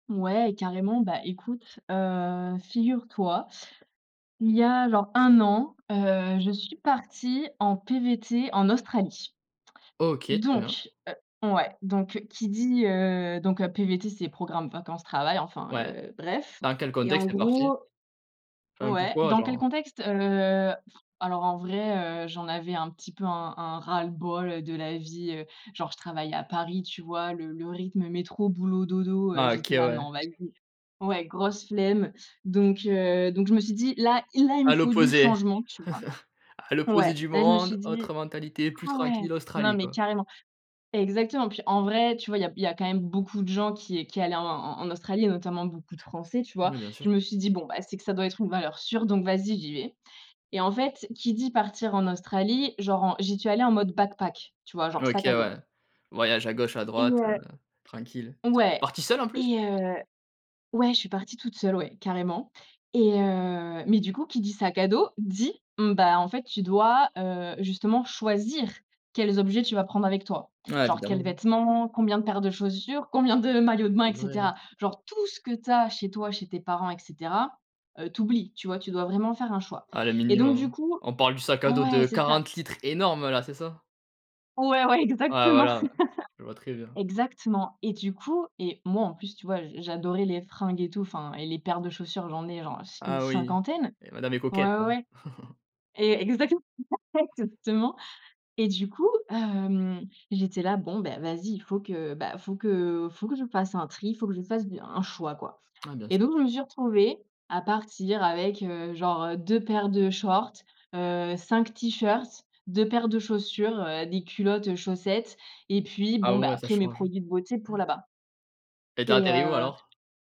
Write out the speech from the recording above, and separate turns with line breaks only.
Ouais carrément, bah écoute, heu, figure-toi, il y a genre 1 an, heu, je suis partie en PVT en Australie.
OK, très bien.
Donc, heu ouais. Donc qui dit heu, donc, heu, PVT c'est Programme Vacances-Travail, enfin,
Ouais,
heu, bref.
dans quel
Et en
contexte, tu es partie?
gros
Enfin
ouais
pourquoi,
dans quel
genre?
contexte? Heu, alors en vrai, heu, j'en avais un petit peu un un ras-le-bol, heu, de la vie, heu, genre je travaille à Paris, tu vois? Le le rythme métro boulot dodo, heu,
Ah, OK,
j'étais là:
ouais.
«Non vas-y». Ouais grosse flemme. Donc, heu, donc je me suis dit: «Là, i là il me
À
faut du
l'opposé.
changement», tu
À
vois?
l'opposé
Ouais,
du
là je me
monde,
suis dit
autre mentalité, plus
ah ouais,
tranquille,
non
Australie
mais
quoi!
carrément! Exactement, puis en vrai, tu vois? Il y a b il y a quand même beaucoup de gens qui qui allaient en en en Australie et notamment beaucoup de Français, tu vois?
Oui, bien sûr.
Je me suis dit: «Bon, bah, c'est que ça doit être une valeur sûre, donc vas-y, j'y vais!». Et en fait, qui dit partir en Australie, genre en j'y suis allée en mode backpack, tu vois? Genre,
OK,
sac à dos.
ouais. Voyage à gauche, à
Et
droite,
heu
heu, tranquille.
ouais.
Partie seule, en plus?
Et, heu ouais, je suis partie toute seule, ouais, carrément. Et, heu, mais du coup qui dit sac à dos, dit: mmh, bah, en fait tu dois, heu, justement choisir quels objets tu vas prendre avec toi.
Ouais
Genre quels
évidemment, hein.
vêtements, combien de paires de chaussures, combien de maillots de bains
C'est
et
vrai, hein
cetera. Genre tout ce que tu as chez toi chez tes parents et cetera. Heu, tu oublies tu vois? Tu dois vraiment faire un choix.
Ah le
Et donc du
minimum.
coup
On parle du sac à dos
ouais,
de
c'est ça!
40 litres énorme là, c'est ça?
Ouais, ouais,
Ouais
exactement.
voilà, ouais. Je vois très bien.
Exactement, et du coup et moi en plus, tu vois? J j'adorais les fringues et tout, enfin, et les paires de chaussures j'en ai, genre s une
Ah oui,
cinquantaine.
et madame est
Ouais,
coquette,
ouais,
hein!
ouais. É exactement, [unintelligible] exactement. Et du coup, hem, j'étais là: «Bon beh, vas-y, il faut que, bah, il faut que faut que je fasse un tri, faut que je fasse de un choix, quoi.».
Ouais, bien s
Et donc je me suis retrouvée à partir avec, heu, genre, heu, 2 paires de shorts, heu, 5 t-shirts, 2 paires de chaussures, heu, des culottes, heu, chaussettes, et puis
Ah
bon, bah,
ouais ça
après mes
change, hein.
produits de beauté pour
Han!
là-bas.
Et tu as
Et
atterri où,
heu
alors?